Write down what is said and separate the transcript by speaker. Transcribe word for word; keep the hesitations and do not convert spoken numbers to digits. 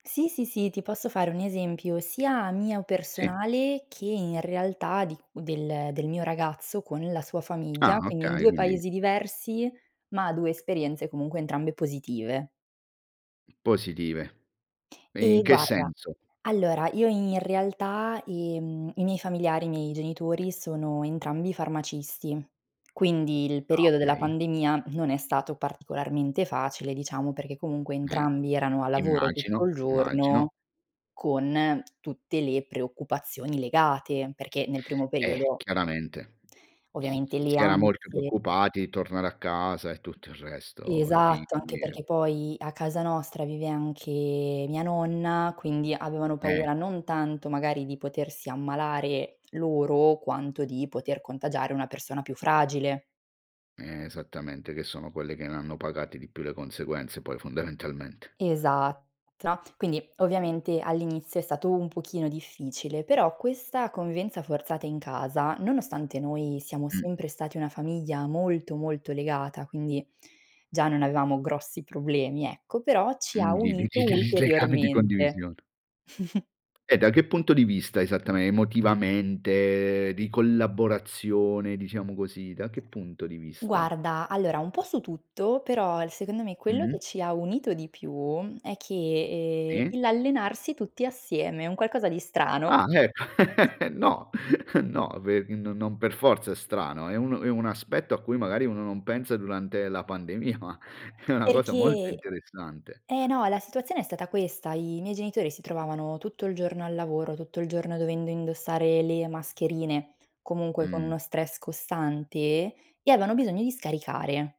Speaker 1: Sì, sì, sì, ti posso fare un esempio, sia mio
Speaker 2: Sì.
Speaker 1: personale che, in realtà di del del mio ragazzo, con la sua
Speaker 2: Ah,
Speaker 1: famiglia, quindi in
Speaker 2: okay
Speaker 1: due
Speaker 2: quindi
Speaker 1: paesi diversi, ma due esperienze, comunque, entrambe positive.
Speaker 2: Positive. In
Speaker 1: Eh,
Speaker 2: che
Speaker 1: guarda,
Speaker 2: senso?
Speaker 1: allora, io in realtà, ehm i miei familiari, i miei genitori, sono entrambi farmacisti, quindi, il
Speaker 2: Ah,
Speaker 1: periodo della
Speaker 2: okay.
Speaker 1: pandemia non è stato particolarmente facile, diciamo, perché comunque
Speaker 2: Eh.
Speaker 1: entrambi erano a lavoro
Speaker 2: Immagino,
Speaker 1: tutto il
Speaker 2: immagino.
Speaker 1: giorno, con tutte le preoccupazioni legate, perché, nel primo
Speaker 2: Eh,
Speaker 1: periodo
Speaker 2: chiaramente s
Speaker 1: ovviamente le
Speaker 2: si era molto
Speaker 1: ansie
Speaker 2: preoccupati di tornare a casa e tutto il resto, i
Speaker 1: Esatto, anche
Speaker 2: figli e
Speaker 1: perché poi, a casa nostra, vive anche mia nonna, quindi, avevano
Speaker 2: Eh.
Speaker 1: paura, non tanto magari di potersi ammalare loro, quanto di poter contagiare una persona più fragile.
Speaker 2: E esattamente che sono quelle che ne hanno pagati di più le conseguenze, poi fondamentalmente.
Speaker 1: Esatta quindi, ovviamente, all'inizio è stato un pochino difficile, però questa convivenza forzata in casa, nonostante noi siamo
Speaker 2: Mh.
Speaker 1: sempre stati una famiglia molto, molto, legata, quindi, già non avevamo grossi problemi, ecco, però ci ha
Speaker 2: Mhmm,
Speaker 1: unito
Speaker 2: [unintelligible] legame di
Speaker 1: ulteriormente.
Speaker 2: condivisione. E da che punto di vista esattame emotivamente, di collaborazione, diciamo così, da che punto di vista?
Speaker 1: Guarda, allora, un po' su tutto, però al secondo me, quello
Speaker 2: Mh-mh.
Speaker 1: che ci ha unito di più, è che, ehm,
Speaker 2: Sì.
Speaker 1: il l'allenarsi tutti assieme, è un qualcosa di strano.
Speaker 2: Ah, eh. No, no, pe no non per forza è strano, è un è un aspetto a cui magari uno non pensa durante la pandemia, ma è una cosa molto
Speaker 1: Perché
Speaker 2: interessante.
Speaker 1: eh, no, la situazione è stata questa: i miei genitori si trovavano tutto il giorno al lavoro, tutto il giorno dovendo indossare le mascherine, comunque, con
Speaker 2: Mh.
Speaker 1: uno stress costante, e aveano bisogno di scaricare.